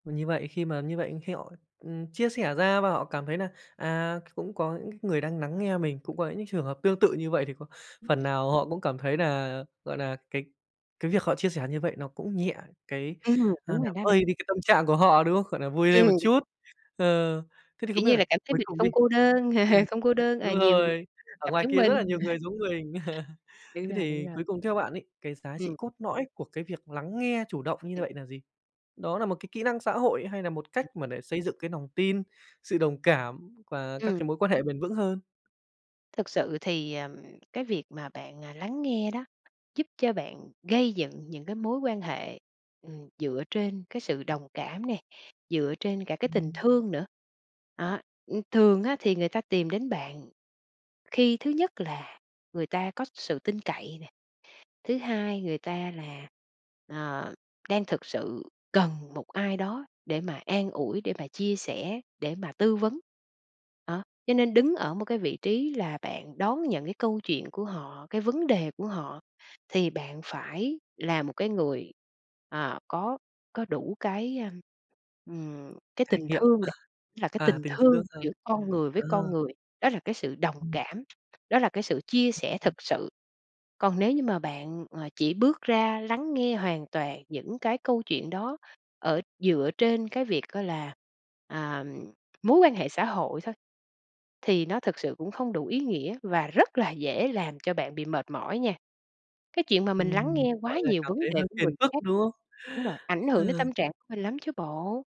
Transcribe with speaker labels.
Speaker 1: M như vậy, khi mà như vậy khi họ, ừm, chia sẻ ra và họ cảm thấy nà, à, c cũng có những c người đang nắng nghe mình, cũng có những trường hợp tương tự như vậy thì có phần nào họ cũng cảm thấy nà, gọi nà, cái cái việc họ chia sẻ như vậy nó cũng nhẹ cái
Speaker 2: Ừm,
Speaker 1: a,
Speaker 2: đúng rồi
Speaker 1: làm
Speaker 2: đó bạn.
Speaker 1: vơi đi cái tâm trạng của họ, đúng không? Gọi là, vui lên một
Speaker 2: Ừm.
Speaker 1: chút. Ờ, thế thì không
Speaker 2: Kiểu
Speaker 1: biết
Speaker 2: như
Speaker 1: là
Speaker 2: là, cảm thấy
Speaker 1: cuối
Speaker 2: mình
Speaker 1: cùng đi
Speaker 2: không cô đơn,
Speaker 1: ừm,
Speaker 2: không cô đơn, à,
Speaker 1: đúng
Speaker 2: nhiều
Speaker 1: rồi, ở
Speaker 2: gặp
Speaker 1: ngoài
Speaker 2: giống
Speaker 1: kia rất là
Speaker 2: mình.
Speaker 1: nhiều người giống mình.
Speaker 2: Đúng
Speaker 1: Thế
Speaker 2: rồi, đúng
Speaker 1: thì
Speaker 2: rồi.
Speaker 1: cuối cùng theo bạn ấy, cái giá trị
Speaker 2: Ừm.
Speaker 1: cốt lõi của cái việc lắng nghe chủ động như vậy nà gì? Đó nà một cái kỹ năng xã hội hay nà một cách mà để xây dựng cái nòng tin, sự đồng cảm quà các cái
Speaker 2: Ừm.
Speaker 1: mối quan hệ bền vững hơn?
Speaker 2: Thực sự thì, ờm, cái việc mà bạn, à, lắng nghe đó, giúp cho bạn gây dựng những cái mối quan hệ, ừm, dựa trên cái sự đồng cảm nè, dựa trên cả cái tình
Speaker 1: Ừm.
Speaker 2: thương nữa. Đó, ưm, thường á thì người ta tìm đến bạn khi thứ nhất là người ta có sự tin cậy nè, thứ hai người ta là, à, đang thực sự cần một ai đó để mà an ủi, để mà chia sẻ, để mà tư vấn. Đó, cho nên đứng ở một cái vị trí là bạn đón nhận cái câu chuyện của họ, cái vấn đề của họ, thì bạn phải là một cái người, à, có có đủ cái, ờm, ừm, cái
Speaker 1: Trải
Speaker 2: tình
Speaker 1: nghiệm.
Speaker 2: thương đã, là cái
Speaker 1: À,
Speaker 2: tình
Speaker 1: tình thương,
Speaker 2: thương
Speaker 1: ờ.
Speaker 2: giữa con người với
Speaker 1: Ờ.
Speaker 2: con người, đó là cái sự đồng
Speaker 1: Ừm.
Speaker 2: cảm, đó là cái sự chia sẻ thật sự. Còn nếu như mà bạn, à, chỉ bước ra lắng nghe hoàn toàn những cái câu chuyện đó ở dựa trên cái việc á là, à, mối quan hệ xã hội thôi, thì nó thực sự cũng không đủ ý nghĩa, và rất là dễ làm cho bạn bị mệt mỏi nha. Cái chuyện mà mình lắng
Speaker 1: Ừm,
Speaker 2: nghe
Speaker 1: gọi
Speaker 2: quá
Speaker 1: là,
Speaker 2: nhiều
Speaker 1: cảm
Speaker 2: vấn
Speaker 1: thấy
Speaker 2: đề
Speaker 1: hơi
Speaker 2: của
Speaker 1: phiền
Speaker 2: người
Speaker 1: phức,
Speaker 2: khác,
Speaker 1: đúng không?
Speaker 2: đúng rồi, ảnh hưởng đến
Speaker 1: Ờ.
Speaker 2: tâm trạng của mình lắm chứ bộ.